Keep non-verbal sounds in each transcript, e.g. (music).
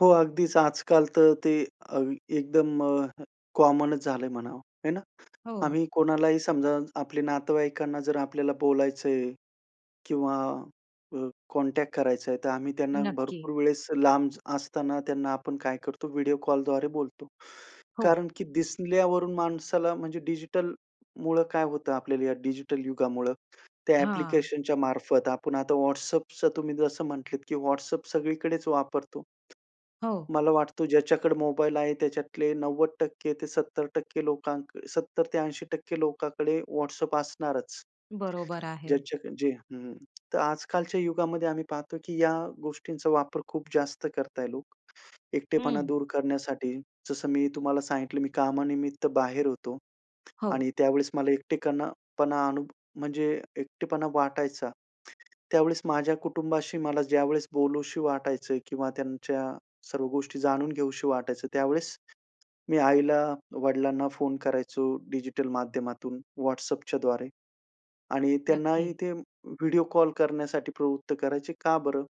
हो अगदीच. आजकाल तर ते अ, एकदम अ, (chuckles) कॉमनच झालंय म्हणावं, आहे ना? हो. आम्ही कोणालाही समजा आपल्या नातेवाईकांना जर आपल्याला बोलायचंय किंवा अ, कॉन्टॅक्ट करायचाय, तर आम्ही त्यांना नक्की. भरपूर वेळेस लांब असताना त्यांना आपण काय करतो व्हिडिओ कॉलद्वारे बोलतो. हो. कारण की दिसल्यावरून माणसाला म्हणजे डिजिटलमुळं काय होतं आपल्याला या डिजिटल युगामुळं त्या हां. ॲप्लिकेशनच्या मार्फत. आपण आता WhatsAppचं तुम्ही जसं म्हटलेत की WhatsApp सगळीकडेच वापरतो. हो. मला वाटतं ज्याच्याकडे मोबाईल आहे, त्याच्यातले 90% ते 70% लोकांक 70 ते 80% लोकांकडे WhatsApp असणारच. बरोबर आहे. ज्याच्याकडे जे हं. तर आजकालच्या युगामध्ये आम्ही पाहतोय, की या गोष्टींचा वापर खूप जास्त करतायत लोक, एकटेपणा हं. दूर करण्यासाठी. जसं मी तुम्हाला सांगितलं मी कामानिमित्त बाहेर होतो. हो. आणि त्यावेळेस मला एकटेपणा पणा, म्हणजे एकटेपणा वाटायचा. त्यावेळेस माझ्या कुटुंबाशी मला ज्यावेळेस बोलावसं वाटायचं किंवा त्यांच्या सर्व गोष्टी जाणून घ्यावसं वाटायचं त्यावेळेस, मी आईला, वडिलांना फोन करायचो डिजिटल माध्यमातून, WhatsAppच्या द्वारे. आणि त्यांनाही नक्की. ते व्हिडिओ कॉल करण्यासाठी प्रवृत्त करायचे, का बरं?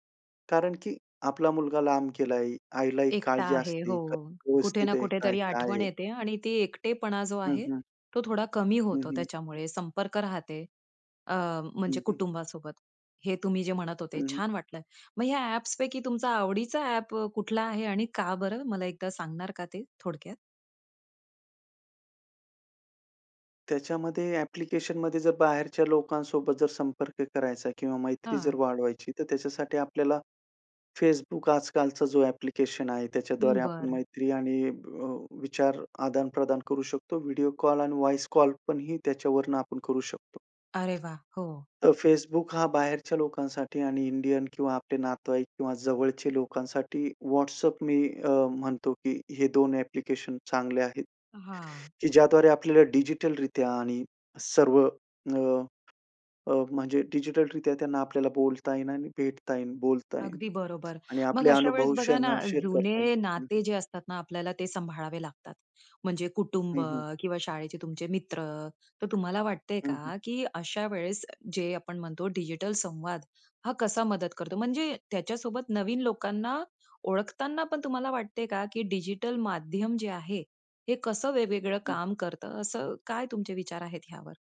कारण की आपला मुलगा लांब गेलाय, आईला एक एकटा काळजी आहे, असते. काय हो. कुठे व्यवस्थित ना आहे? कुठे काय तरी काय आठवण आहे? येते आणि ते एकटेपणा जो हं, आहे, हं. तो थोडा कमी हं, होतो हं. त्याच्यामुळे. संपर्क राहतो अ, म्हणजे हं, हं. कुटुंबासोबत. हे तुम्ही जे म्हणत होते हं, हं. छान वाटलं. मग ह्या ॲप्सपैकी तुमचा आवडीचा ॲप कुठला आहे? आणि का बरं? मला एकदा सांगणार का ते, थोडक्यात? त्याच्यामध्ये, ॲप्लिकेशनमध्ये जर बाहेरच्या लोकांसोबत जर संपर्क करायचा किंवा मैत्री जर हां. वाढवायची तर त्याच्यासाठी आपल्याला Facebook आजकालचा जो ॲप्लिकेशन आहे, हं, त्याच्याद्वारे आपण बरं. मैत्री आणि अ, विचार आदान-प्रदान करू शकतो. व्हिडिओ कॉल आणि व्हॉइस कॉल पण ही त्याच्यावरनं आपण करू शकतो. अरे वाह! हो. तर Facebook हा बाहेरच्या लोकांसाठी आणि इंडियन किंवा आपले नातेवाईक किंवा जवळच्या लोकांसाठी WhatsApp मी अ, म्हणतो की हे 2 ॲप्लिकेशन चांगले आहेत. हां. की ज्याद्वारे आपल्याला डिजिटल रित्या आणि सर्व अ, अ, म्हणजे डिजिटल रीत्या त्यांना आपल्याला बोलता येईन आणि भेटता येईन, बोलता येईल. अगदी बरोबर. आणि मग आपले अशा वेळेस अनुभव बघा ना, त्यांना शेअर करता येईल. जुने हं, हं. नाते जे असतातना आपल्याला ते सांभाळावे लागतात. म्हणजे कुटुंब हं, हं. किंवा शाळेचे तुमचे मित्र. तर तुम्हाला वाटतंय हं, हं. का, की अशा वेळेस जे आपण म्हणतो डिजिटल संवाद हा कसा मदत करतो? म्हणजे, त्याच्यासोबत नवीन लोकांना ओळखताना पण तुम्हाला वाटतंय का, की डिजिटल माध्यम जे आहे, हे कसं वेगवेगळं हं. काम करतं? असं काय तुमचे विचार आहेत, ह्यावर?